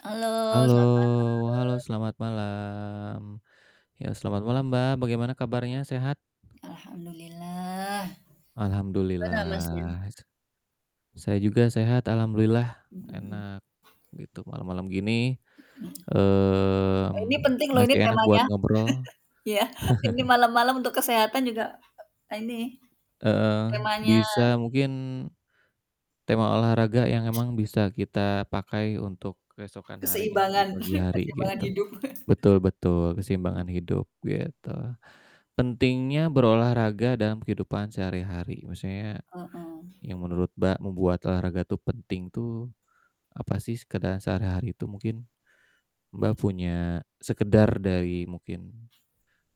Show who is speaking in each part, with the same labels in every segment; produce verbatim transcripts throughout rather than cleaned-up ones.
Speaker 1: Halo.
Speaker 2: Halo
Speaker 1: Selamat
Speaker 2: halo,
Speaker 1: malam.
Speaker 2: selamat malam. Ya, selamat malam Mbak, bagaimana kabarnya, sehat?
Speaker 1: Alhamdulillah. Gimana Masnya?
Speaker 2: Alhamdulillah. S saya juga sehat, alhamdulillah,
Speaker 1: Hmm hmm hmm.
Speaker 2: enak gitu, malem-malem gini,
Speaker 1: Hmm.
Speaker 2: eee,
Speaker 1: Ini penting loh
Speaker 2: mesti
Speaker 1: ini
Speaker 2: enak buat
Speaker 1: temanya.
Speaker 2: ngobrol.
Speaker 1: Iya, ini malam-malam untuk kesehatan juga e ini
Speaker 2: Heeh,
Speaker 1: temanya.
Speaker 2: bisa mungkin tema olahraga yang emang bisa kita pakai untuk keesokan harinya, di
Speaker 1: Keseimbangan
Speaker 2: pagi hari
Speaker 1: keseimbangan
Speaker 2: gitu.
Speaker 1: hidup.
Speaker 2: Betul betul, keseimbangan hidup, gitu. Pentingnya berolahraga dalam kehidupan sehari-hari, maksudnya
Speaker 1: Heeh.
Speaker 2: yang menurut Mbak membuat olahraga tuh penting tuh, apasih sekedar sehari-hari itu, mungkin Mbak punya sekedar dari mungkin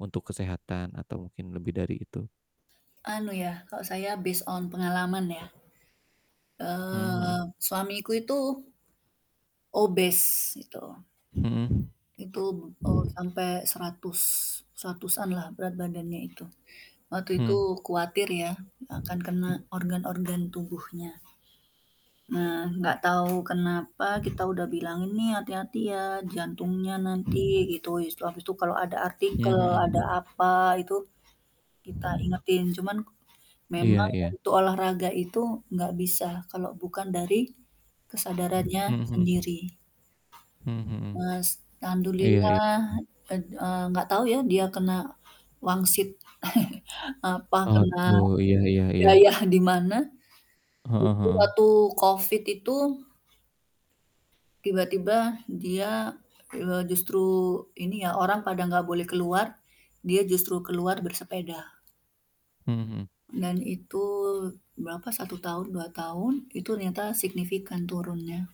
Speaker 2: untuk kesehatan atau mungkin lebih dari itu?
Speaker 1: Anu ya, kalau saya based on pengalaman ya.
Speaker 2: Hmm hmm.
Speaker 1: Eee, suamiku itu obes, itu.
Speaker 2: Hmm.
Speaker 1: Itu b eee, sampai seratus. seratus lah berat badannya itu. Waktu itu,
Speaker 2: Hmm.
Speaker 1: kuatir ya akan kena organ-organ tubuhnya. Nah nggak tahu kenapa kita udah bilang ini hati-hati ya, jantungnya nanti gitu, habis itu kalau ada
Speaker 2: Mmm,
Speaker 1: artikel, ada
Speaker 2: hmm.
Speaker 1: apa itu, kita ingetin. Cuman
Speaker 2: Iya
Speaker 1: memang
Speaker 2: iya.
Speaker 1: untuk olahraga itu nggak bisa kalau bukan dari kesadarannya
Speaker 2: Hmm hmm.
Speaker 1: sendiri.
Speaker 2: Hmm hmm.
Speaker 1: Mas.
Speaker 2: Iya iya.
Speaker 1: Alhamdulillah, et eee, nggak tahu ya dia kena wangsit apa
Speaker 2: Oh,
Speaker 1: kena
Speaker 2: gitu, iya iya iya.
Speaker 1: daya dimana,
Speaker 2: Heeh
Speaker 1: itu
Speaker 2: heeh.
Speaker 1: waktu COVID itu tiba-tiba dia, eee, justru ini ya orang pada nggak boleh keluar, dia justru keluar bersepeda.
Speaker 2: Hmm hmm.
Speaker 1: Dan itu berapa, satu tahun, dua tahun, itu r nyata signifikan turunnya.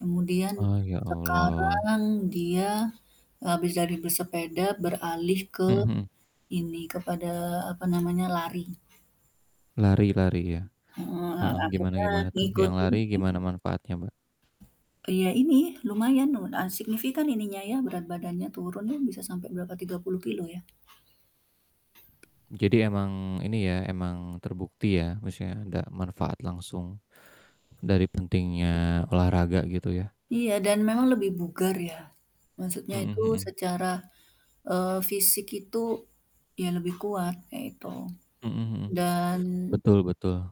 Speaker 1: Kemudian,
Speaker 2: Ah, ya Allah.
Speaker 1: sekarang dia, habis dari bersepeda beralih ke
Speaker 2: Hmm hmm.
Speaker 1: ini, kepada apa namanya lari.
Speaker 2: Lari lari ya.
Speaker 1: Hmm hmm.
Speaker 2: Heeh, gimana
Speaker 1: Akhirnya
Speaker 2: gimana tuh,
Speaker 1: ngikut
Speaker 2: yang
Speaker 1: ini
Speaker 2: lari gimana manfaatnya, Mbak?
Speaker 1: Iya ini, lumayan nu a signifikan ininya ya, berat badannya turun ya bisa sampai berapa, tiga puluh kilogram ya.
Speaker 2: Jadi emang ini ya, emang terbukti ya, maksudnya ada manfaat langsung dari pentingnya olahraga gitu ya.
Speaker 1: Iya dan memang lebih bugar ya. Maksudnya
Speaker 2: Hmm
Speaker 1: itu
Speaker 2: hmm.
Speaker 1: secara, eee, fisik itu ya lebih kuat kayak gitu
Speaker 2: Hmm hmm.
Speaker 1: dan
Speaker 2: Betul betul.